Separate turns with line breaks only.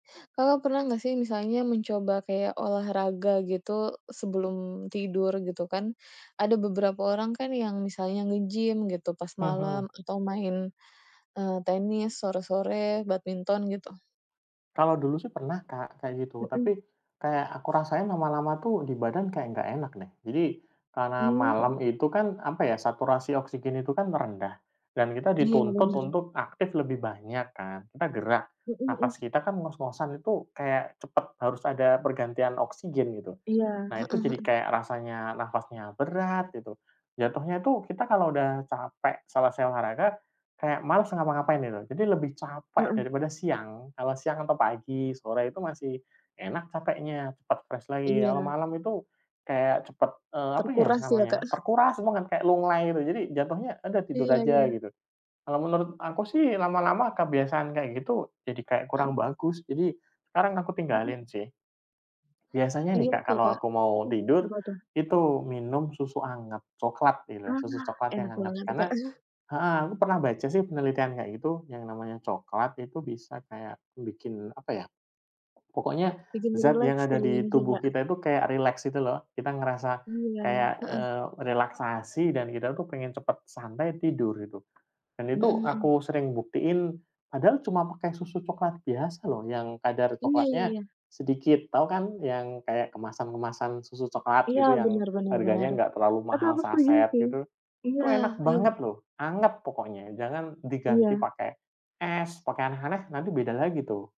Kakak pernah nggak sih misalnya mencoba kayak olahraga gitu sebelum tidur, gitu kan? Ada beberapa orang kan yang misalnya nge-gym gitu pas
Mhm.
malam atau main, eee, tenis sore-sore, badminton, gitu.
Kalau dulu sih pernah Kak kayak gitu,
Mhm.
tapi kayak aku rasain lama-lama tuh di badan kayak enggak enak nih. Jadi, karena
Mmm,
malam
mhm.
itu kan, apa ya? Saturasi oksigen itu kan merendah. Dan kita
Iya,
dituntut
bener.
untuk aktif lebih banyak kan. Kita gerak,
Mhm
napas
mhm.
kita kan ngos-ngosan itu kayak cepat harus ada pergantian oksigen, gitu.
Iya,
Nah,
heeh
itu jadi
heeh.
kayak rasanya napasnya berat, gitu. Jatuhnya itu kita kalau udah capek selesai olahraga, kayak males ngapa-ngapain, gitu. Jadi lebih capek
Mhm.
daripada siang. Kalau siang atau pagi, sore itu masih enak capeknya, cepat fresh lagi. Kalau
Iya.
malam itu kayak cepat, e apa ya
Terkuras ya,
namanya,
Kak?
terkuras banget, kayak lunglai gitu. Jadi jatuhnya udah tidur
Iya
aja,
iya.
gitu. Kalau menurut aku sih lama-lama kebiasaan kayak gitu jadi kayak kurang
Mhm.
bagus. Jadi sekarang aku tinggalin
Mhm.
sih. Biasanya
Iya
nih, Kak,
sih,
kalau
Kak.
aku mau
Mhm,
tidur,
apa tuh?
itu minum susu hangat coklat, gitu. Susu
Ah,
coklat yang
enak
hangat.
banget tuh,
Karena
Kak.
heeh. Aku pernah baca sih penelitian kayak gitu, yang namanya coklat itu bisa kayak bikin apa ya, pokoknya
Bikin
zat yang
rileks
ada di
kayaknya
tubuh
juga.
kita itu kayak rileks gitu loh. Kita ngerasa
Iya iya,
kayak,
heeh.
eee, relaksasi dan kita itu pengen cepat santai, tidur gitu. Dan
Mhm
itu
mhm.
aku sering buktiin Padahal cuma pakai susu coklat biasa loh, yang kadar
Iya iya
coklatnya
iya.
sedikit. Tahu kan, yang kayak kemasan-kemasan susu coklat
Iya,
gitu, yang
benar benar
harganya
benar.
enggak terlalu
Tapi
mahal
aku setuju
saset,
sih.
gitu?
Iya,
Itu enak
iya.
banget loh. Anget pokoknya. Jangan diganti
Iya.
pakai es, pakai aneh-aneh, nanti beda lagi tuh.